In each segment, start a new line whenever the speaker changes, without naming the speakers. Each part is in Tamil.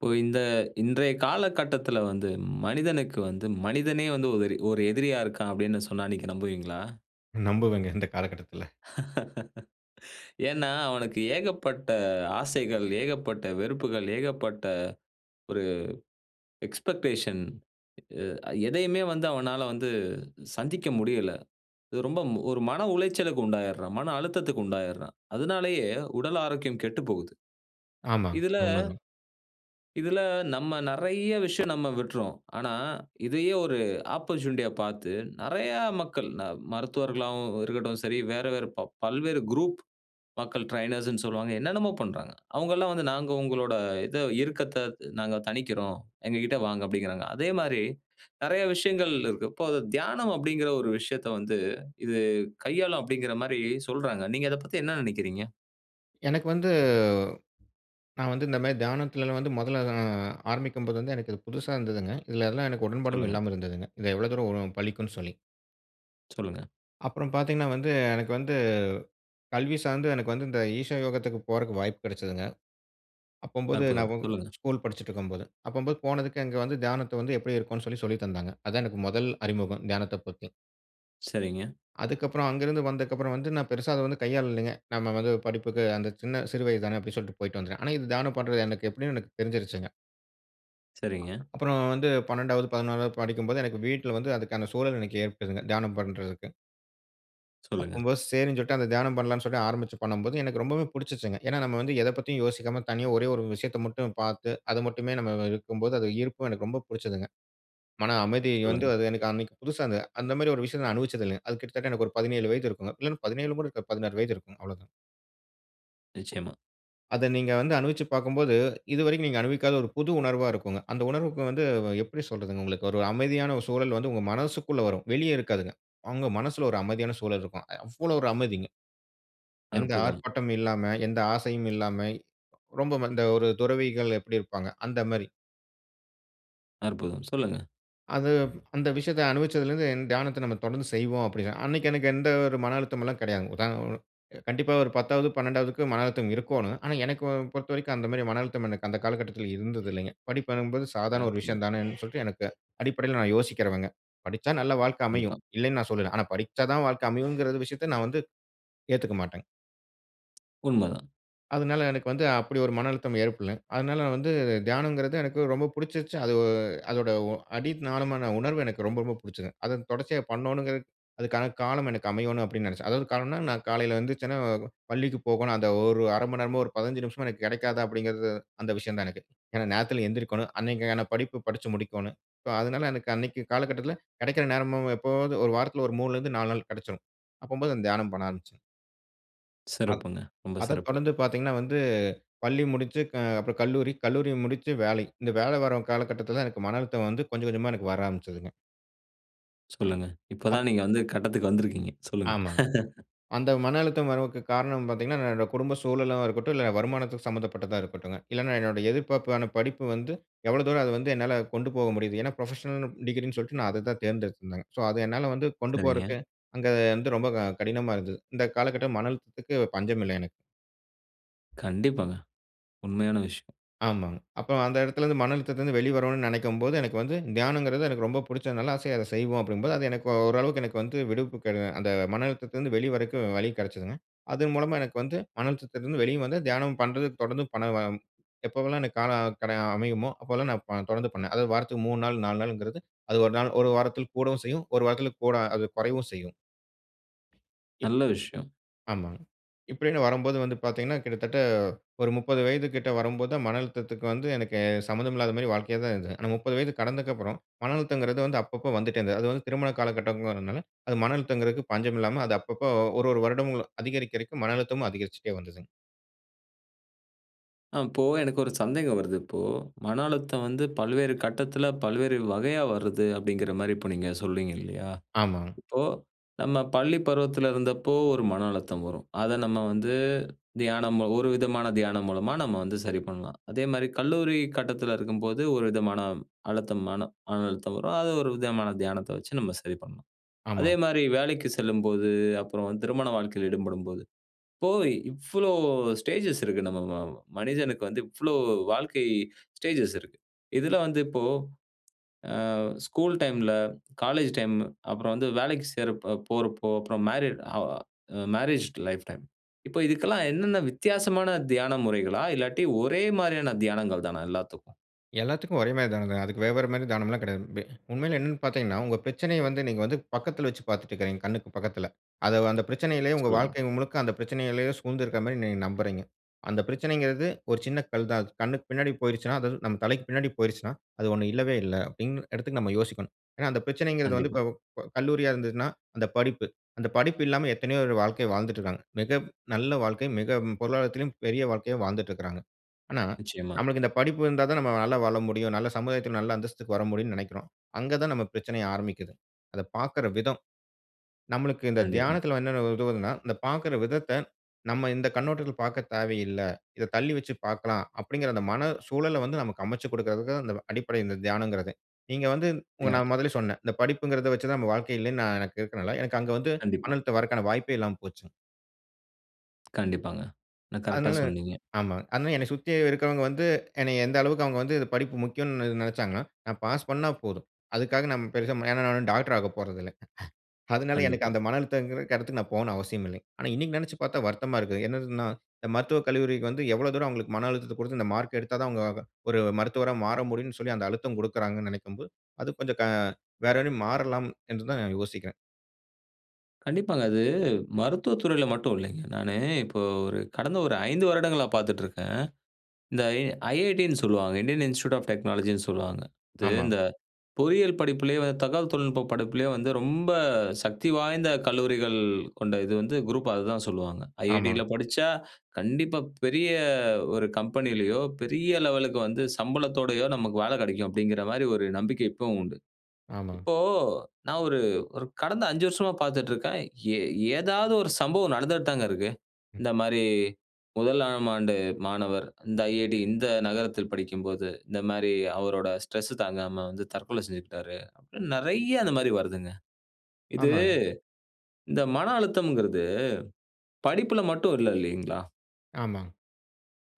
இப்போ இந்த "இன்றைய காலகட்டத்தில வந்து மனிதனுக்கு வந்து மனிதனே வந்து 1 1 எதிரியா இருக்கான்." அப்படீன்னு சொன்னா நீங்க நம்புவீங்களா?
நம்புவேங்க. இந்த காலகட்டத்தில.
ஏன்னா, அவனுக்கு ஏகப்பட்ட ஆசைகள், ஏகப்பட்ட வெறுப்புகள், ஏகப்பட்ட ஒரு எக்ஸ்பெக்டேஷன் அ எதையுமே வந்து அவனால வந்து சந்திக்க முடியல. ரொம்ப ம் ஒரு மன உளைச்சலுக்கு உண்டாயிடுறான், மன அழுத்தத்துக்கு உண்டாயிடுறான். அதனாலேயே உடல் ஆரோக்கியம் கெட்டுப்போகுது.
ஆமாங்க,
இதில
உண்மதான்.
இதில நம்ம நெறைய விஷயம் நம்ம விட்றோம். ஆனா இதையே ஒரு ஆப்போர்ட்யூனிட்டியா பார்த்து நெறைய மக்கள் ந மருத்துவர்களாகவும் இருக்கட்டும் சரி, வேற வேற ப பல்வேறு குரூப் மக்கள் ட்ரெய்னர்ஸ்னு சொல்லுவாங்க, என்னன்னமோ பண்றாங்க. அவங்கல்லாம் வந்து, "நாங்க உங்களோட இத இருக்கத்த நாங்க தணிக்கிறோம். எங்ககிட்ட வாங்க." அப்படீங்கிறாங்க. அதே மாரி நெறைய விஷயங்கள் இருக்கு. இப்போ அது "தியானம்" அப்படீங்கிற ஒரு விஷயத்த வந்து, இது கையாளும் அப்படீங்கிற மாரி சொல்றாங்க. நீங்க அதப் பத்தி என்ன நெனைக்கிறீங்க?
எனக்கு வந்து நான் வந்து இந்த மாரி தியானத்திலலாம் வந்து 1ல நான் ஆரம்பிக்கும்போது வந்து எனக்கு இது புதுசா இருந்ததுங்க. இதில அதெல்லாம் எனக்கு உடன்பாடும்
சொல்லுங்க.
இல்லாமல் இருந்ததுங்க. இது எவ்வளோ தூரம் வரும்? பலிக்குன்னு சொல்லி.
சொல்லுங்க.
அப்புறம் பார்த்தீங்கன்னா வந்து, எனக்கு வந்து கல்வி சார்ந்து எனக்கு வந்து இந்த ஈஷா யோகத்துக்கு போறதுக்கு வாய்ப்பு கிடைச்சுதுங்க. அப்பும்போது
அற்புதம்!
நான்
சொல்லுங்க.
ஸ்கூல் படிச்சுட்டு இருக்கும்போது, அப்பும்போது போனதுக்கு அங்க வந்து தியானத்த வந்து எப்டி இருக்கும்னு சொல்லி சொல்லி தந்தாங்க. அதான் எனக்கு முதல் அறிமுகம் தியானத்தைப் பத்தி.
சரிங்க.
அதுக்கு அப்புறம் அங்குருந்து வந்தக்கு அப்புறம் வந்து நான் பெருசா அத வந்து கையாளலைங்க. நம்ம வந்து படிப்புக்கு அந்த சின்ன சிறு வயது தானே அப்டின் சொல்லிட்டு போயிட்டு வந்துட்டேன். ஆனா இது தியானம் பண்றது எப்டின்னு எனக்கு தெரிஞ்சுருச்சுங்க.
சரிங்க.
[unintelligible] அப்புறம் வந்து 12வது, 11வது படிக்கும்போது எனக்கு வீட்ல வந்து அதுக்கான சூழல் ஏற்படுதுங்க தியானம் பண்றதுக்கு.
சொல்லுங்க.
அப்பும்போது சேரின்னு சொல்லிட்டு அந்த தியானம் பண்ணலான்னு சொல்லி ஆரம்பிச்சு பண்ணும்போது, எனக்கு ரொம்பவே புடிச்சுங்க. ஏனா, நம்ப வந்து எதப் பத்தியும் யோசிக்காம தனியா ஒரே 1 விஷயத்த மட்டும் பார்த்து, அத மட்டுமே நம்ம இருக்கும்போது அது ஈர்ப்பும் எனக்கு ரொம்ப புடிச்சுதுங்க. மன அமைதி வந்து
சொல்லுங்க.
அது எனக்கு அன்னைக்கு புதுசா இந்த. அந்த மாரி ஒரு விஷயத்த நான் அனுபவிச்சது இல்லங்க. அது கிட்டத்தட்ட எனக்கு ஒரு 17 வயது இருக்கும் இல்ல 17 கூட இருக்காது 16 வயது இருக்கும். அவ்வளோதான்.
நிச்சியமா.
அத நீங்க வந்து அனுபவிச்சு பார்க்கும்போது இதுவரைக்கும் நீங்க அனுபவிக்காத ஒரு புது உணர்வா இருக்குங்க. அந்த உணர்வுக்கு வந்து எப்டி சொல்றது? உங்களுக்கு ஒரு அமைதியான சூழல் வந்து உங்க மனசக்குள்ள வரும் வெளியே இருக்காதுங்க. அவங்க மனசுல ஒரு அமைதியான சூழல் இருக்கும். அவ்வளோ ஒரு அமைதிங்க. எந்த
அற்புதம்!
ஆர்ப்பாட்டமும் இல்லாம, எந்த ஆசையும் இல்லாம, ரொம்ப இந்த ஒரு துறவிகள் எப்டி இருப்பாங்க? அந்த மாரி.
அற்புதம்! சொல்லுங்க.
அது, அந்த விஷயத்த அனுபவிச்சலருந்து தியானத்த நம்ம தொடர்ந்து செய்வோம் அப்டி. அன்னைக்கு எனக்கு எந்த ஒரு மன அழுத்தம் எல்லாம் கெடையாதுங்க. உதா, ஒ, கண்டிப்பா ஒரு 10ஆவது, 12ஆவது க்கு மன அழுத்தம் இருக்கோணும். ஆனா எனக்கு பொறுத்தவரைக்கும் அந்த மாரி மன அழுத்தம் எனக்கு அந்த காலகட்டத்தில இருந்ததில்லைங்க. படிப்பு என்பது சாதாரண ஒரு
அற்புதம்!
விஷயம் தானேன் சொல்லிட்டு எனக்கு அடிப்படையில நான் யோசிக்கிறவங்க. படிச்ச நல்ல வாழ்க்க அமையும்,
கண்டிப்பா.
இல்லன்னு நான் சொல்லல. ஆனா படிச்சா தான் வாழ்க்க அமையும்ங்கற விஷயத்த நான் வந்து ஏத்துக்கமாட்டேங்க.
உண்மதான்.
அதனால எனக்கு வந்து அப்டி ஒரு மன அழுத்தம் ஏற்படலங். அதனால வந்து தியானம்ங்கறது எனக்கு ரொம்ப புடிச்சிருச்சு. அது அதோட அடி நாளமான உணர்வு எனக்கு ரொம்ப ரொம்ப புடிச்சுது. அத தொடர்ச்சியா பண்ணனுங்கிறது அதுக்கான காலம் எனக்கு அமையணும் அப்டின்னு நெனைச்சேன். அதாவது காலம்ன்னா, நான் காலையில எந்திரிச்சனா பள்ளிக்கு போகணும் அந்த ஒரு 1/2 மணநேரமோ ஒரு 15 நிமிஷமோ எனக்கு கிடைக்காதா அப்டிங்கிறது அந்த விஷயம் தான் எனக்கு. ஏன்னா நேரத்தில எழுந்திரிக்கோணும். அன்னைக்கான படிப்பு படிச்சு முடிக்கோணும். ஸோ அதனால எனக்கு அன்னைக்கு காலகட்டத்தில கிடைக்கிற நேரமும் எப்பவாது ஒரு வாரத்தில ஒரு 3 லருந்து 4 நாள் கடைச்சுரும். அப்போம்போது அந்த தியானம் பண்ண ஆரம்பிச்சேன். அத்
சிறப்புங்க. ரொம்ப
அத
சிறப்பு!
தொடர்ந்து பார்த்தீங்கன்னா, வந்து பள்ளி முடிச்சு க அப்றோ கல்லூரி, கல்லூரி முடிச்சு வேலை. இந்த வேல வரும் காலகட்டத்தில தான் எனக்கு மன அழுத்தம் வந்து கொஞ்சம் கொஞ்சமா வர ஆரம்பிச்சதுங்க.
சொல்லுங்க. இப்ப
அப்
தான் நீங்க வந்து கட்டத்துக்கு வந்திருக்கீங்க. சொல்லுங்க.
ஆமாங்க. அந்த மன அழுத்தம் வரவுக்கு காரணம் பார்த்தீங்கன்னா, என்னோட குடும்ப சூழலாவும் இருக்கட்டும், இல்ல வருமானத்துக்கு சம்மந்தப்பட்டதா இருக்கட்டுங்க, இல்லன்னா என்னுடைய எதிர்பார்ப்பான படிப்பு வந்து எவ்வளவு தூரம் அத வந்து என்னால கொண்டு போக முடியுது. ஏன்னா, ப்ரொஃபஷனல்ன்னு டிகிரின்னு சொல்ட்டு நான் அத தான் தேர்ந்தெடுத்திருந்தேங்க. ஸோ, அது என்னால வந்து கொண்டு
சரிங்க.
போறதுக்கு அங்க வந்து ரொம்ப க கடினமா இருந்தது. இந்த காலகட்டம் மன அழுத்தத்துக்கு பஞ்சமில்ல எனக்கு.
கண்டிப்பாங்க. உண்மையான விஷயம்.
ஆமாங்க. அப்போ அந்த இடத்திலிருந்து மன அழுத்தத்திலருந்து வெளி வருனுன்னு நெனைக்கும்போது, எனக்கு வந்து தியானம்ங்கிறது எனக்கு ரொம்ப புடிச்சதுனால, ஆசையா "அத செய்வோம்." அப்படீங்கும்போது, அது எனக்கு ஓரளவுக்கு எனக்கு வந்து விடுப்பு கெட அந்த மன அழுத்தத்திலருந்து வெளிய வரதுக்கு வழி கெடைச்சுதுங்க. அது மூலமா எனக்கு வந்து மன அழுத்தத்திலிருந்து வெளிய வந்து, தியானம் பண்றது தொடர்ந்து பண்ணுவோம். எப்போவெல்லாம் எனக்கு காலம் கட அமையுமோ! அப்போல்லாம் நான் ப தொடர்ந்து பண்ணேன். அதாவது வாரத்துக்கு 3 நாள் 4 நாளுங்கிறது, அது 1 நாள் 1 வாரத்தில கூடவும் செய்யும். 1 வாரத்துல கூட அது கொறைவும் செய்யும். இப்
நல்ல விஷயம்.
ஆமாங்க. இப்படீன்னு வரும்போது வந்து பார்த்தீங்கன்னா, கிட்டத்தட்ட ஒரு 30 வயது கிட்ட வரும்போது தான் மன அழுத்தத்துக்கு வந்து, எனக்கு சம்மந்தம் இல்லாத மாதிரி வாழ்க்கையா தான் இருந்தது. ஆனா 30 வயது கடந்ததுக்கு அப்பறம், மன அழுத்தம்ங்கிறது வந்து அப்பப்போ வந்துட்டே இருந்தது. அது வந்து திருமண காலகட்டங்கிறதுனால, அது மன அழுத்தம்ங்கிறதுக்கு பஞ்சம் இல்லாம, அது அப்பப்ப 1- 1 வருடங்களும் அதிகரிக்கதிகரிக்க மன அழுத்தமும் அதிகரிச்சுட்டே வந்ததுங்க.
அ இப்போ எனக்கு ஒரு சந்தேகம் வருது. இப்போ மன அழுத்தம் வந்து பல்வேறு கட்டத்துல, பல்வேறு வகையா வருது அப்டிங்கிற மாரி இப்போ நீங்க சொல்லுறீங்க இல்லையா?
ஆமாங்.
இப்போ நம்ம பள்ளி பருவத்துல இருந்தப்போ ஒரு மன அழுத்தம் வரும், அத நம்ம வந்து தியானம் ஒரு விதமான தியானம் மூலமா நம்ம வந்து சரி பண்ணலாம். அதே மாரி கல்லூரி கட்டத்தில இருக்கும்போது ஒரு விதமான அழுத்தம் மன மன அழுத்தம் வரும் அது ஒரு விதமான தியானத்த வச்சு நம்ம சரி பண்ணலாம். அதே
ஆமா.
மாரி வேலைக்கு செல்லும்போது, அப்புறம் திருமண வாழ்க்கையில ஈடுபடும்போது, இப்போ இவ்வளோ ஸ்டேஜ்ஸ் இருக்கு நம்ம மனிதனுக்கு வந்து இவ்வளோ வாழ்க்கை ஸ்டேஜ்ஸ் இருக்கு. இதுல வந்து இப்போ ஆ ஸ்கூல் டைம்ல, காலேஜ் டைம் அப்புறம் வந்து வேலைக்கு சேர போறப்போ, அப்புறம் மேரேட் ஹ மேரேஜ் லைஃப் டைம் இப்ப இதுக்கெல்லாம் என்னென்ன வித்தியாசமான தியான முறைகளா, இல்லாட்டி ஒரே மாரியான தியானங்கள் தானா எல்லாத்துக்கும்?
எல்லாத்துக்கும் ஒரே மாரி தானங்க. அதுக்கு வேற வேற மாரி தானம்லாம் கிடையாது. வெ உண்மையில என்னன்னு பார்த்தீங்கன்னா, உங்க பிரச்சனைய வந்து நீங்க வந்து பக்கத்துல வச்சு பார்த்துட்டுருக்கீங்க. கண்ணுக்கு பக்கத்துல. அத அந்த பிரச்சனையிலேயே உங்க
சொல்லுங்க.
வாழ்க்கை முழுக்க அந்த பிரச்சனையிலேயே சூழ்ந்து இருக்க மாரி நீங்க நம்புகிறீங்க. அந்த பிரச்சனைங்குறது ஒரு சின்ன கல் தான். கண்ணுக்கு பின்னாடி போயிருச்சுன்னா, அதாவது நம் தலைக்கு பின்னாடி போயிருச்சுன்னா, அது ஒன்ணு இல்லவே இல்ல அப்டின் எடத்துக்கு நம்ம யோசிக்கணும். ஏனா, அந்த பிரச்சனைங்குறது வந்து
கண்டிப்பா.
இப்ப இப்ப கல்லூரியா இருந்ததுன்னா அந்த படிப்பு. அந்த படிப்பு இல்லாம எத்தனையோ பேரு வாழ்க்கைய வாழ்ந்துட்டு இருக்காங்க. மிக நல்ல வாழ்க்கை, மிக பொருளாதாரத்திலும் பெரிய வாழ்க்கையா வாழ்ந்துட்டு இருக்குறாங்க. ஆனா
நிச்சியமா.
நம்மளுக்கு இந்த படிப்பு இருந்தா தான் நம்ம நல்லா வாழ முடியும். நல்ல சமுதாயத்துல நல்ல அந்தஸ்துக்கு வர முடியுன்னு நெனைக்கிறோம். அங்க தான் நம்ம பிரச்சனையே ஆரம்பிக்குது. அத பார்க்குற விதம். நம்மளுக்கு இந்த
கண்டிப்பா.
தியானத்துல என்னென்ன உதவுதுன்னா, இந்த பார்க்குற விதத்த நம்ம இந்த கண்ணோட்டத்துல பார்க்க தேவையில்ல. இத தள்ளி வச்சு பார்க்கலாம். அப்டிங்கிற அந்த மன சூழல வந்து நமக்கு அமைச்சு குடுக்கறதுக்கும் அடிப்படை இந்த தியானம்ங்குறதே. நீங்க வந்து
தியா
நான் முதலே சொன்ன. இந்த படிப்புங்குறது வச்சு தான் நம்ம வாழ்க்கை இல்லன்னு நான் எனக்கு இருக்கனால. எனக்கு அங்க வந்து
கண்டிப்பா.
மணத் தவருவதற்கான வாய்ப்பே இல்லாம போச்சுங்க.
கண்டிப்பாங்க. ஆனா கரெக்ட்டா
அதனால
சொன்னீங்க.
ஆமா. அதனால என்னை சுத்தி இருக்கவங்க வந்து என்னைய எந்த அளவுக்கு அவங்க வந்து படிப்பு முக்கியம்னு இது நெனச்சாங்கன்னா, நான் பாஸ் பண்ணா போதும். அதுக்காக நான் பெருசா ஏன்னா நான் டாக்டர் ஆகப் போறதில்ல. அதனால எனக்கு
கண்டிப்பா.
அந்த மன அழுத்தம்ங்கற இடத்துக்கு நான் போணும்னு அவசியமில்ல. ஆனா இன்னிக்கு நெனச்சுப் பார்த்தா வருத்தமா இருக்கு. என்னதுன்னா இந்த மருத்துவக் கல்லூரிக்கு வந்து எவ்ளோ தூரம் அவங்களுக்கு மன அழுத்தத்த குடுத்து இந்த மார்க் எடுத்தாதான் அவங்க வ ஒரு மருத்துவரா மாற முடியும்னு சொல்லி அந்த அழுத்தம் குடுக்றாங்கன்னு நெனைக்கும்போது, அது கொஞ்சம் க வேற ரி மாறலாம் என்றுதான் யோசிக்கிறேன்.
கண்டிப்பாங்க. அது மருத்துவத் துறைல மட்டும் இல்லைங்க. நானு இப்போ ஒரு கடந்த 5 வருடங்களா பாத்துட்ருக்கேன். இந்த எ "IIT" ன்னு சொல்லுவாங்க. இந்தியன் இன்ஸ்டிடியூட் ஆப் டெக்னாலஜின்னு சொல்லுவாங்க. இது
ஆமா.
இந்த பொறியியல் படிப்புலேயே தகவல் தொழில்நுட்ப படிப்புலேயே வந்து ரொம்ப சக்தி வாய்ந்த கல்லூரிகள் கொண்ட இது வந்து குரூப்பா அதான் சொல்லுவாங்க. "IIT" ல
ஆமாங்.
படிச்சா கண்டிப்பா பெரிய ஒரு கம்பெனிலையோ, பெரிய லெவலுக்கு வந்து சம்பளத்தோடயோ நமக்கு வேல கெடைக்கும், அப்டிங்கற மாரி ஒரு நம்பிக்கை இப்பவும் உண்டு.
ஆமாங்க.
இப்போ நான் ஒரு ஒரு கடந்த 5 வருஷமா பாத்துட்ருக்கேன், ஏ ஏதாவது ஒரு சம்பவம் நடந்துட்தாங்க இருக்கு. இந்த மாரி, "முதலாம் ஆண்டு மாணவர், இந்த "IIT", இந்த நகரத்தில் படிக்கும்போது, இந்த மாரி அவரோட ஸ்ட்ரெஸ் தாங்காம வந்து தற்கொலை செஞ்சுக்ட்டாரு" அப்படின்னு நறையா இந்த மாரி வருதுங்க. இது
ஆமாங்க.
இந்த மன அழுத்தம்ங்கறது படிப்புல மட்டும் இல்ல இல்லைங்களா?
ஆமாங்க.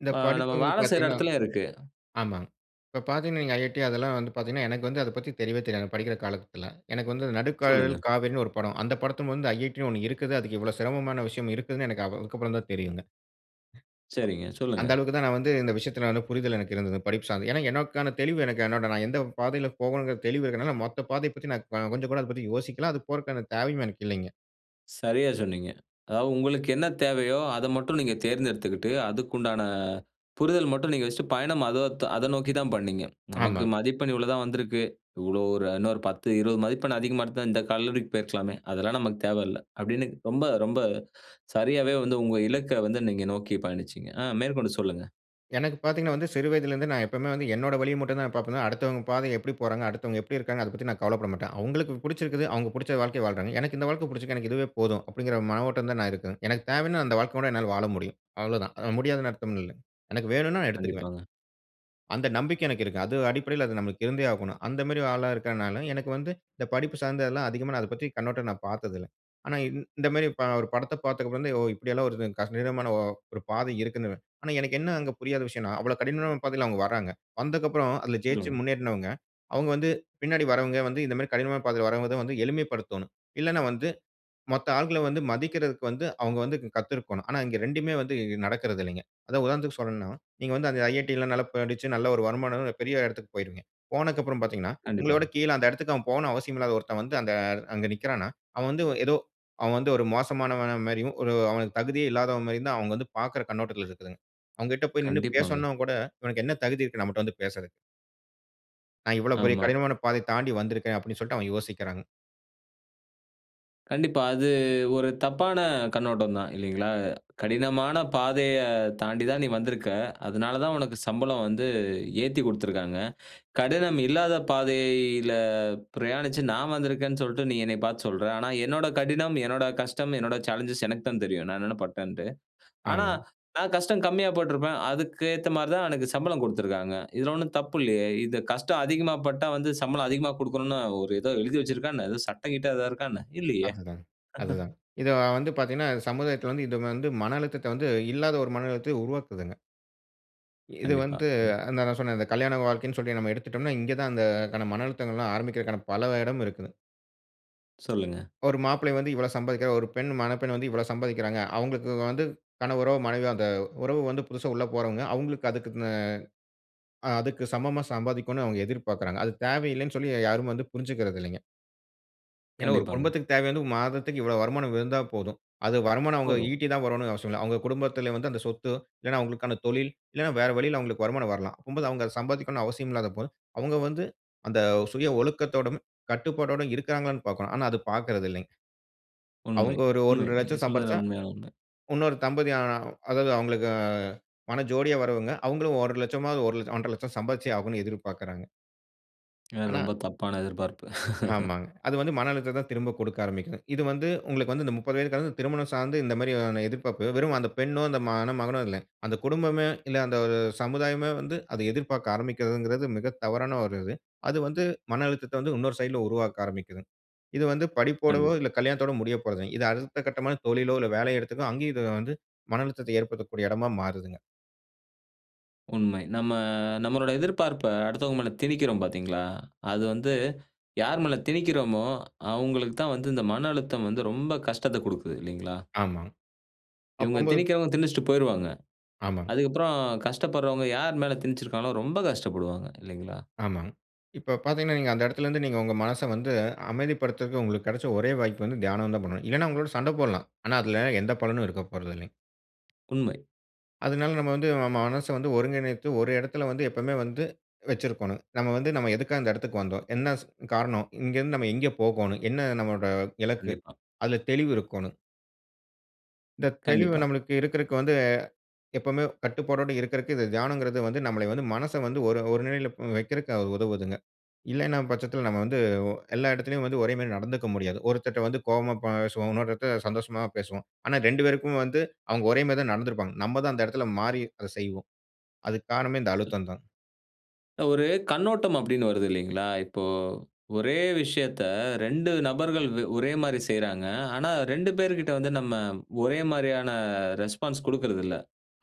இந்த
ஆ நம்ம
படிப்புங்குறது
வேல செய்ற
பார்த்தீங்கன்னா
இடத்திலயும் இருக்கு.
ஆமாங்க. இப்ப பார்த்தீங்கன்னா "IIT"அதெல்லாம் வந்து பார்த்தீங்கன்னா, எனக்கு வந்து அத பத்தி தெரியவே தெரியாதுங்க. படிக்கிற காலத்தில எனக்கு வந்து நடுக்கதல்
சொல்லுங்க.
காவிரின் ஒரு படம். அந்த படத்துபொது "IIT"ன்னு ஒண்ணு இருக்குது. அதுக்கு இவ்வளோ சிரமமான விஷயம் இருக்குதுன்னு அதுக்கப்புறம் தான் தெரியுங்க. அ
சரிங்க.
அந்த
சொல்லுங்க.
அளவுக்கு தான் நான் வந்து இந்த விஷயத்தில புரிதல் எனக்கு இருந்தது படிப்பு சார்ந்து. ஏனா, எனக்கான தெளிவு எனக்கு என்னோட நான் எந்த பாதையில் போகணும்ங்குற தெளிவு இருக்கறதால மொத்த பாதைய பத்தி நான் கொஞ்சம் கூட அத பத்தி யோசிக்கல. அது போறகான தேவையும் எனக்கு இல்லைங்க.
சரியா, சொன்னீங்க. அதாவது உங்களுக்கு என்ன தேவையோ அத மட்டும் நீங்க தேர்ந்தெடுத்துக்குட்டு, அதுக்கு உண்டான புரிதல் மட்டும் நீங்க வச்சுட்டு பயணம் அதத் அத நோக்கி தான் பண்ணீங்க. நமக்கு
ஆமாங்க.
மதிப்பெண் இவ்வளோ தான் வந்திருக்கு. இவ்வளோ ஒரு இன்னொரு 10 20 மதிப்பெண் அதிகமா இருந்தா இந்த கல்லூரிக்கு போயிருக்கலாமே. அதெல்லாம் நமக்கு தேவயில்ல அப்படின்னு ரொம்ப, ரொம்ப சரியாவே வந்து உங்க இலக்க வந்து நீங்க நோக்கி பயணிச்சீங்க. ஆ மேற்கொண்டு சொல்லுங்க.
எனக்கு பார்த்தீங்கன்னா வந்து சிறு வயதில இருந்து நான் எப்பவுமே வந்து என்னோட வழிய மட்டும் தான் பார்ப்பேன். அடுத்தவங்க பாதை எப்படி போறாங்க, அடுத்தவங்க எப்படி இருக்காங்க அத பத்தி நான் கவலைப்பட மாட்டேன். அவங்களுக்கு புடிச்சுருக்குது அவங்க புடிச்ச வாழ்க்கைய வாழ்றாங்க. எனக்கு இந்த வாழ்க்க புடிச்சுருக்குது எனக்கு இதுவே போதும் அப்டிங்குற மனவோட்டம் தான் நான் இருக்கேன். எனக்கு தேவன்னா அந்த வாழ்க்க கூட என்னால வாழ முடியும் அவ்வளோதான். அது முடியாது அர்த்தம் இல்ல. எனக்கு வேணுன்னா நான் எடுத்துக்குவேன்.
கண்டிப்பாங்க.
அந்த நம்பிக்கை எனக்கு இருக்கு. அது அடிப்படையில அது நமக்கு இருந்தே ஆகணும். அந்த மாரி ஆளா இருக்கனால எனக்கு வந்து இந்த படிப்பு சார்ந்ததுலாம் அதிகமா நான் அத பத்தி கண்ணோட்டம் நான் பார்த்ததில்ல. ஆனா இந்த மாரி ப ஒரு படத்த பார்த்ததுக்கு அப்புறம் ஓ! இப்படி எல்லாம் வருதுங் கடினமான ஒ ஒரு பாதை இருக்குன்னு. ஆனா எனக்கு என்ன புரியாத விஷயம்ன்னா அவ்வளோ கடினமான பாதையில அவங்க வராங்க. வந்ததுக்கப்புறம் அதில ஜெயிச்சு
சொல்லுங்க.
முன்னேருனவங்க, அவங்க வந்து பின்னாடி வரவங்க வந்து இந்த மாரி கடினமான பாதையில வரவங்க எளிமைப்படுத்தனோம். இல்லனா வந்து மொத்த ஆட்கள, வந்து மதிக்கறதுக்கு வந்து அவங்க வந்து கத்துருக்கணும். ஆனா இங்க 2மே வந்து நடக்கறது இல்லைங்க. அதாவது உதாரணத்துக்கு சொல்னுனா, நீங்க வந்து அந்த "IIT" லாம் நல்லா படிச்சு நல்ல ஒரு வருமானம் பெரிய இடத்துக்கு போயிருவீங்க. போனதுக்கு அப்புறம் பார்த்தீங்கன்னா, உங்கள
கண்டிப்பாங்க.
விட கீழ அந்த இடத்துக்கு போகணும் அவசியம் இல்லாத ஒருத்தன் வந்து அந்த அங்க நிக்குறான, அவன் வந்து ஏதோ அவன் வந்து ஒரு மோசமானவன் மாரியும் ஒரு அவனுக்கு தகுதியே இல்லாதவன் மாரியும் தான் அவங்க வந்து பார்க்குற கண்ணோட்டத்தில இருக்கு. அவங்கிட்ட போய் நிண்ணு
கண்டிப்பாங்க.
பேசனுன கூட இவனுக்கு என்ன தகுதி இருக்கு நம்மட்ட வந்து பேசுறதுக்கு. நான் இவ்வளோ பெரிய
ஆமாம்.
கடினமான பாதை தாண்டி வந்துருக்குறேன், அப்படி சொல்லிட்டு அவங்க யோசிக்கிறாங்.
கண்டிப்பா. அது ஒரு தப்பான கண்ணோட்டம் தான் இல்லைங்களா? கடினமான பாதைய தாண்டி தான் நீ வந்துருக்க, அதுனால தான் உனக்கு சம்பளம் வந்து ஏத்திக் குடுத்திருக்கிறாங்க. கடினம் இல்லாத பாதையில பிரயாணிச்சு நான் வந்துருக்கிறேனு சொல்ட்டு நீ என்னைப் பார்த்து சொல்ற, ஆனா என்னோட கடினம், என்னோட கஷ்டம், என்னோட சாலன்ஜ்ஸ் எனக்கு தான் தெரியும், நான் என்னென்ன பட்டேன்டு. ஆனா
ஆமாங்.
நான் கஷ்டம் கம்மியா பட்டுருப்பேன். அதுக்கு ஏத்த மாரி தான் எனக்கு சம்பளம் குடுத்துருக்காங்க. இதுல ஒன்னும் தப்பு இல்லையே, இது கஷ்டம் அதிகமா பட்டா வந்து சம்பளம் அதிகமா குடுக்கணும்னு ஒரு இதோ எழுதி வைச்சிருக்கா என்ன? ஏதோ சட்டம் கிட்டம் ஏதாது இருக்கா என்ன? இல்லையே
அதுதாங், அதுதாங். இது வந்து பார்த்தீங்கனா சமுதாயத்துல வந்து இது வந்து மன அழுத்தத்த வந்து, இல்லாத ஒரு மன அழுத்தத்த உருவாக்குதுங்க. இது
கண்டிப்பா,
வந்து
கண்டிப்
நான் சொன்னேன் கல்யாண வாழ்க்கைனு சொல்லி நம்ம எடுத்துட்டோம்னா, இங்கு தான் அந்த கன மன அழுத்தங்கள் எல்லாம் ஆரம்பிக்கிறதற்கான பல இடம் இருக்குது.
சொல்லுங்க.
ஒரு மாப்பிள்ளை வந்து இவ்வளோ சம்பாதிக்கிறார், ஒரு பெண் மணப்பெண் வந்து இவ்வளோ சம்பாதிக்கிறாங்க, அவங்களுக்கு வந்து கனவரோ, மனைவியோ அந்த உறவு வந்து புதுசா உள்ள போறவங்க, அவங்களுக்கு அதுக்குன்னு ஆ அதுக்கு சமமா சம்பாதிக்கனுன்னு அவங்க எதிர்பார்க்கிறாங்க. அது தேவையில்லைனு சொல்லி யாரும் வந்து புரிஞ்சிக்கிறது இல்லைங்க. ஏன்னா, 1
கண்டிப்பாங்க.
குடும்பத்துக்கு தேவை வந்து 1 மாதத்துக்கு இவ்வளோ வருமானம் இருந்தா போதும். அது வருமானம் அவுங்க
போதும்.
ஈட்டி தான் வரனுன்னு அவசியம் இல்ல. அவுங்க குடும்பத்தில வந்து, அந்த சொத்தோ, இல்லைன்னா அவுங்களுக்கான தொழில், இல்லன்னா வேற வழியில அவுங்களுக்கு வருமானம் வரலாம். அப்பம்போது, அவுங்க அத சம்பாதிக்கனும்ன்னு அவசியம் இல்லாதப்போ, அவுங்க வந்து அந்த சுய ஒழுக்கத்தோடும், கட்டுப்பாட்டோடும் இருக்கிறாங்களான்னு பார்க்கோனும். ஆனா அது பாக்குறதில்லைங்க.
உண்மை,
அவுங்க ஒரு
உண்மை.
1 1/2
நீங்க
லட்சம் சம்பாரிச்சா,
சொல்றதெல்லாம் உண்மையான ஒண்ணு.
உன்னொரு தம்பதி அ அதாவது அவுங்களுக்கு மண ஜோடியா வரவுங்க, அவுங்களும் 1,00,000 ஆவது 1,00,000, 1 1/2 லட்சம் சம்பாதிச்சே ஆகணும்ன்னு எதிர்பாக்குறாங்க.
அ
ஆனா,
ரொம்ப தப்பான எதிர்பார்ப்பு.
ஆமாங்க. அது வந்து மன அழுத்தத்த திரும்ப குடுக்க ஆரம்பிக்கிது. இது வந்து உங்களுக்கு வந்து இந்த 30 வயது கடந்து திருமணம் சார்ந்து இந்த மாரியான எதிர்ப்பார்ப்பு வெறும் அந்த பெண்ணோ, அந்த மண மகனோ, இல்லை அந்த குடும்பமே, இல்ல அந்த ஒரு சமுதாயமே வந்து அத எதிர்பாக்க ஆரம்பிக்கிறதுங்குறது மிக தவறான ஒரு இது. அது வந்து மன அழுத்தத்த வந்து இன்னொரு சைடுல உருவாக்க ஆரம்பிக்கிது. இது வந்து படிப்போடோவோ,
கண்டிப்பா.
இல்ல கல்யாணத்தோடு முடிய போறதில்ல. இது அடுத்த கட்டமான தொழிலோ, இல்ல வேலை எடத்துக்கோ அங்கேயும் இது வந்து மன அழுத்தத்த ஏற்படுத்தக்கூடிய எடமா மாறுதுங்க.
உண்மை. நம்ம நம்மளோட எதிர்பார்ப்ப அடுத்தவங்க மேல திணிக்கிறோம் பாத்தீங்களா? அது வந்து யார் மேல திணிக்கிறோமோ, அவுங்களுக்கு தான் வந்து இந்த மன அழுத்தம் வந்து ரொம்ப கஷ்டத்த குடுக்குது, இல்லைங்களா?
ஆமாங்க.
இவுங்க
அப்பம்போது
திணிக்கிறவங்க திணிச்சுட்டு போயிருவாங்க.
ஆமாங்க.
அதுக்கப்புறம், கஷ்டப்படுறவங்க யார் மேல திணிச்சுருக்காங்களோ ரொம்ப கஷ்டப்படுவாங்க. இல்லைங்களா?
ஆமாங்க. இப்போ பாத்தீங்கன்னா, நீங்க அந்த எடத்துலருந்து நீங்க உங்க மனச வந்து அமைதிப்படுத்துறதுக்கு உங்களுக்கு கெடச்ச ஒரே வாய்ப்பு வந்து, தியானம் தான் பண்ணனும். இல்லன்னா அவுங்களோட சண்ட போடலாம். ஆனா அதில எந்த பலனும் இருக்க போறதில்லைங்க.
உண்மை
அதுனால நம்ம வந்து நம்ம மனச வந்து ஒருங்கிணைத்து ஒரு எடத்துல வந்து எப்பமே வந்து வச்சிருக்கோனும். நம்ம வந்து நம்ம எதுக்காக இந்த எடத்துக்கு வந்தோம்? என்ன ஸ் காரணம்? இங்கேருந்து நம்ம எங்கே போகோனும்? என்ன நம்மோட இலக்கு?
கண்டிப்பா.
அதுல தெளிவு இருக்கோன்னு. இந்த தெளிவு
கண்டிப்பா.
நமக்கு இருக்கறக்கு வந்து, எப்பவுமே கட்டுப்பாட்டோட இருக்கறக்கு, இந்த தியானம்ங்கறது வந்து நம்மள வந்து மனச வந்து ஒரு ஒரு நெலையில வக்கிறக்கு உதவுதுங்க. இல்லன்ன பட்சத்துல நம்ம வந்து எல்லா எடத்துலையும் வந்து ஒரே மாரி நடந்துக்க முடியாது. ஒருத்தர்ட்ட வந்து கோவமா பேசுவோம். இன்னொருத்தர் கிட்ட சந்தோஷமா பேசுவோம். ஆனா 2 பேருக்குமே வந்து அவுங்க ஒரே மாரி தான் நடந்துருப்பாங்க. நம்ம தான் அந்த எடத்ல மாறி அத செய்வோம். அதுக்கு காரணமே இந்த அழுத்தம் தான்.
ஒரு கண்ணோட்டம் அப்டின்னு வருது இல்லைங்ளா? இப்போ ஒரே விஷயத்த 2 நபர்கள் வே ஒரே மாரி செய்றாங்க. ஆனா 2 பேர்கிட்ட வந்து நம்ம ஒரே மாரியான ரெஸ்பான்ஸ் குடுக்றதுல்ல.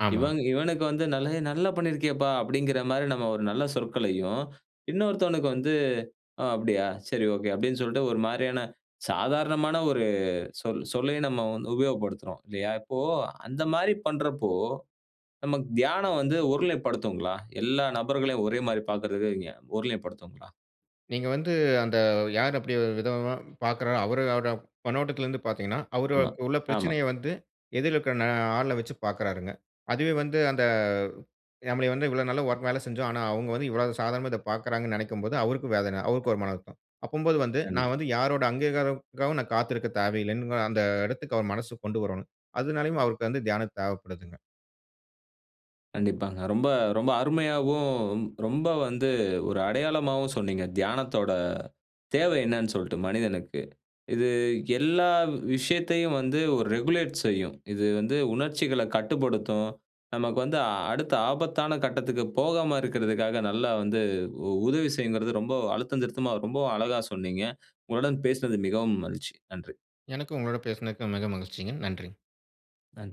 ஆமா.
இவங் இவனுக்கு வந்து நல நல்லா பண்ணியிருக்கேப்பா அப்டிங்குற மாரி நம்ம ஒரு நல்ல சொற்களையும், இன்னொருத்தவனுக்கு வந்து அ அப்டியா சரி ஒகே அப்டின்னு சொல்ட்டு ஒரு மாரியான சாதாரணமான ஒரு சொ சொல்லையும் நம்ம வந்து உபயோகப்படுத்துறோம். இல்லையா? இப்போ அந்த மாரி பண்றப்போ, நமக்கு தியானம் வந்து, ஓரு நிலைப் படுத்துங்ளா? எல்லா நபர்களையும் ஒரே மாரி பார்க்குறதுன்னு வைங்க ஓரு நிலைப் படுத்துங்ளா?
நீங்க வந்து அந்த யார் அப்டி விதமா பார்க்குறா அவரோட கன்னோட்டத்துல இருந்து பார்த்தீங்கன்னா,
ஆமா,
அவருக்கு உள்ள
ஆமா.
பிரச்சனைய வந்து எதிர்ல இருக்க ந ஆள்ல வச்சு பார்க்றாருங்க. அதுவே வந்து அந்த நம்மளே வந்து இவ்வளோ நல்லா வேல செஞ்சோம். ஆனா அவுங்க வந்து இவ்வளோ சாதாரணமா, இத பார்க்குறாங்கன்னு நெனைக்கும் போது, அவருக்கும் வேதனை. அவருக்கும் ஒரு மனம்வருத்தம். அப்பம்போது வந்து நான்
கண்டிப்பா.
வந்து யாரோட அங்கீகாரக்காகவும், நான் காத்திருக்க தேவையில்லன்னு அந்த எடத்துக்கு, அவர் மனசு கொண்டு வரனும். அதனாலயும் அவருக்கு வந்து தியானம் தேவைப்படுதுங்க.
கண்டிப்பாங்க. ரொம்ப ரொம்ப அருமையாவும், ரொ ரொம்ப வந்து ஒரு அடையாளமாவும் சொன்னீங்க. தியானத்தோட தேவை என்னென்னு சொல்ட்டு மனிதனுக்கு. இது எல்லா விஷயத்தையும் வந்து ஒரு ரெகுலேட் செய்யும். இது வந்து உணர்ச்சிகள கட்டுப்படுத்தும். நமக்கு வந்து அடுத்த ஆபத்தான கட்டத்துக்கு போகாம இருக்றதுக்காக, நல்லா வந்து உ உதவி செய்யுங்கறது ரொம்ப அழுத்தம் திருத்தமா ரொம்பவும் அழகா சொன்னீங்க. உங்களுடன் பேசனது மிகவும் மகிழ்ச்சி. நன்றி.
எனக்கும் உங்களோட பேசனக்கு மிக மகிழ்ச்சிங்க. நன்றி.
நன்றி.